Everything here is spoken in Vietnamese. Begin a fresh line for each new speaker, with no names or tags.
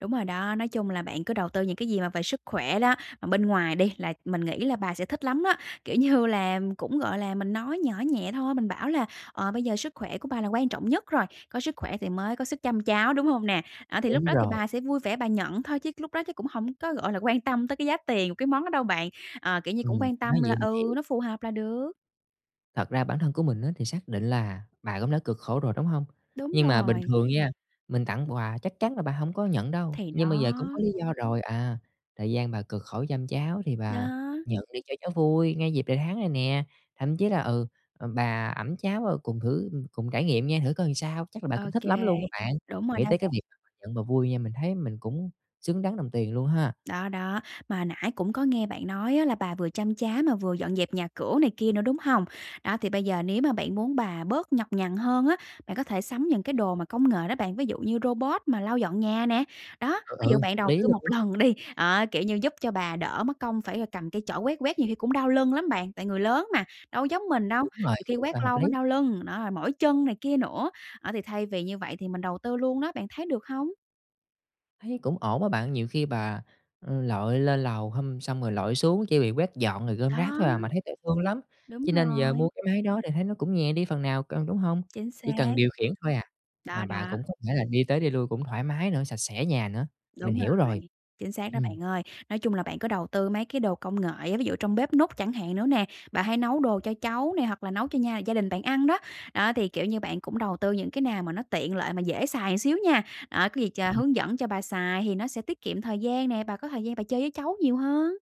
Đúng rồi đó, nói chung là bạn cứ đầu tư những cái gì mà về sức khỏe đó, bên ngoài đi, là mình nghĩ là bà sẽ thích lắm á. Kiểu như là, cũng gọi là, mình nói nhỏ nhẹ thôi, mình bảo là "Ờ, bây giờ sức khỏe của bà là quan trọng nhất rồi, có sức khỏe thì mới có sức chăm cháu, đúng hông nè?" À, thì lúc
Đúng
đó thì
rồi.
bà sẽ vui vẻ bà nhận thôi chứ lúc đó chắc cũng hổng có, gọi là, quan tâm tới cái giá tiền cái món đó đâu bạn. Ờ, kiểu như, cũng
Ừm,
quan
nói
tâm là
vậy mình
ừ,
hiểu.
nó phù hợp là được.
Thật ra bản thân của mình á thì xác định là bà cũng đã cực khổ rồi, đúng hông?
Đúng
Nhưng mà bình
rồi.
thường nha, mình tặng quà chắc chắn là bà hông có nhận đâu,
Thì
nhưng mà bây giờ cũng
đó.
có lý do rồi: "À, thời gian bà cực khổ chăm cháu thì bà
Đó.
nhận đi cho cháu vui, ngay dịp đầy tháng này nè." Thậm chí là, ừ, ừm, bà ẵm cháu, ừ, cùng thử cùng trải nghiệm nha, thử coi làm sao, chắc là bà
Ô
cũng thích
kê,
lắm luôn á bạn.
đúng rồi
Nghĩ
đó
tới cái
bạn.
việc nhận và vui nha, mình thấy mình cũng xứng đáng đồng tiền luôn ha.
Đó, đó, mà nãy cũng có nghe bạn nói á là bà vừa chăm cháu mà vừa dọn dẹp nhà cửa này kia nữa, đúng hông? Đó thì bây giờ nếu mà bạn muốn bà bớt nhọc nhằn hơn á, bạn có thể sắm những cái đồ mà công nghệ đó bạn, ví dụ như robot mà lau dọn nhà nè. Đó,
Ừ, ừ,
ví dụ bạn
hợp
đầu
lý
tư một
luôn!
lần đi, đó, kiểu như giúp cho bà đỡ mất công phải, ờ, cầm cây chổi quét quét nhiều khi cũng đau lưng lắm bạn. Tại người lớn mà, đâu có giống mình đâu,
Đúng rồi,
nhiều khi
rất
quét
là hợp
lâu
lý.
nó đau lưng, nó lại mỏi chân này kia nữa á, thì thay vì như vậy thì mình đầu tư luôn đó, bạn thấy được hông?
Thấy cũng ổn á bạn, nhiều khi bà, ừ, lội lên lầu hum xong rồi lội xuống chỉ vì quét dọn rồi gom rác
Đó.
thôi à, mà thấy thấy thương lắm,
Đúng
cho nên giờ mua
rồi.
cái máy đó thì thấy nó cũng nhẹ đi phần nào cân, đúng hông?
Chính
Chỉ
xác.
cần điều khiển thôi à,
Đó,
mà bà
đó.
cũng có thể là đi tới đi lui cũng thoải mái nữa, sạch sẽ nhà nữa, mình
Đúng
hiểu
rồi,
rồi.
chính xác đó
Ừm.
bạn ơi. Nói chung là bạn có đầu tư mấy cái đồ công nghệ á, ví dụ trong bếp núc chẳng hạn nữa nè, bà hay nấu đồ cho cháu nè hoặc là nấu cho nhà gia đình bạn ăn đó, đó thì, kiểu như, bạn cũng đầu tư những cái nào mà nó tiện lợi mà dễ xài xíu nha, ờ, có gì ch
Ừm.
hướng dẫn cho bà xài thì nó sẽ tiết kiệm thời gian nè, bà có thời gian bà chơi với cháu nhiều hơn.